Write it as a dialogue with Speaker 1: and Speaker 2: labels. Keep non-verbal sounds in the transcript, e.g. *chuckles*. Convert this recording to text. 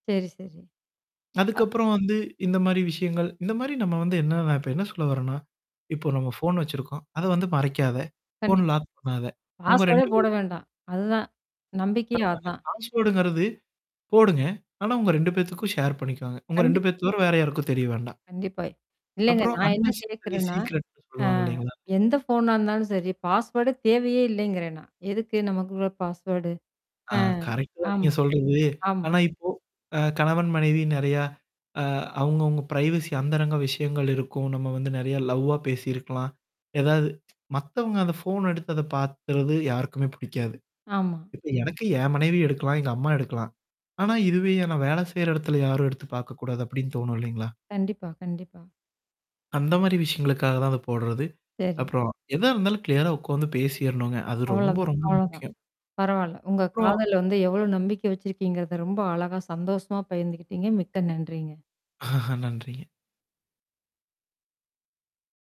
Speaker 1: சரி, சரி. அ.
Speaker 2: அதுக்கப்புறம் வந்து இந்தமாரி விஷயங்கள் இந்தமாரி நம்ம வந்து என்னன்னா நான் இப்ப என்ன சொல்ல வரேன்னா, இப்போ நம்ம ஃபோன் வச்சிருக்கோம். அத வந்து மறைக்காத. ஃபோன்ன
Speaker 1: கண்டிப்பா.
Speaker 2: லாக் பண்ணாத. உங்க
Speaker 1: பாஸ்வேர்ட்டே
Speaker 2: 2
Speaker 1: போட
Speaker 2: பேத்துக்கும்
Speaker 1: வேண்டாம். அதுதான். நம்பிக்கையே
Speaker 2: ஆமாங்க.
Speaker 1: அதான்.
Speaker 2: பாஸ்வேர்ட்டுங்கிறது போடுங்க. ஆனா உங்க 2 பேத்துக்கும் ஷேர் பண்ணிக்கோங்க. உங்க
Speaker 1: கண்டிப்பா.
Speaker 2: 2 பேத்த தவிர வேற யாருக்கும் தெரிய வேண்டாம்.
Speaker 1: கண்டிப்பா. இல்லங்க.
Speaker 2: அப்புறம்
Speaker 1: நான் என்ன
Speaker 2: அன்னசசரி
Speaker 1: கேட்குறேன்னா,
Speaker 2: சீக்ரெட்ன்னு
Speaker 1: ஆ
Speaker 2: சொல்லுவாங்க இல்லேங்களா!
Speaker 1: எந்த ஃபோனா இருந்தாலும் சரி. பாஸ்வார்டு தேவையே இல்லேங்கிறேன் நான். எதுக்கு நமக்குள்ள பாஸ்வேர்டு
Speaker 2: ஆ
Speaker 1: ஆ.
Speaker 2: கரெக்ட்டு தான் நீங்க
Speaker 1: ஆமா.
Speaker 2: சொல்றது.
Speaker 1: ஆமா.
Speaker 2: ஆனா இப்போ அ கணவன், மனைவி நெறையா.ஆ அவுங்க அவுங்க பிரரைவசி அந்தரங்க விஷயங்கள் இருக்கும். நம்ம வந்து நெறைய லவ்வா பேசியிருக்கலாம். ஏதாவது *tsk* மத்தவங்க அந்த ஃபோன் எடுத்து அத பாக்கிறது யாருக்குமே பிடிக்காது.
Speaker 1: ஆமா.
Speaker 2: இப்ப எனக்கு என் மனைவி எடுக்கலாம். எங்க அம்மா எடுக்கலாம். ஆனா, இதுவே நான் வேலை செய்ற இடத்துல யாரும் எடுத்து பாக்கக்கூடாது அப்பிடின்னு தோணும் இல்லேங்களா!
Speaker 1: கண்டிப்பா, கண்டிப்பா.
Speaker 2: அந்தமாரி விஷயங்களுக்காக தான் அத போட்றது.
Speaker 1: சரி.
Speaker 2: அப்புறம் எதா இருந்தாலும் கிளியரா உக்காந்து பேசிறணுங்க. அது ரொம்ப,
Speaker 1: அவ்ளதான்
Speaker 2: ரொம்ப
Speaker 1: அவ்ளோ தான்.
Speaker 2: முக்கியம்.
Speaker 1: பரவால்ல. உங்க
Speaker 2: அப்புறம்
Speaker 1: காதல வந்து எவ்ளோ நம்பிக்கை வச்சிருக்கீங்கிறத ரொம்ப அழகா சந்தோஷமா பகிர்ந்துக்கிட்டீங்க. மிக்க நன்றிங்க.
Speaker 2: *chuckles* நன்றிங்க.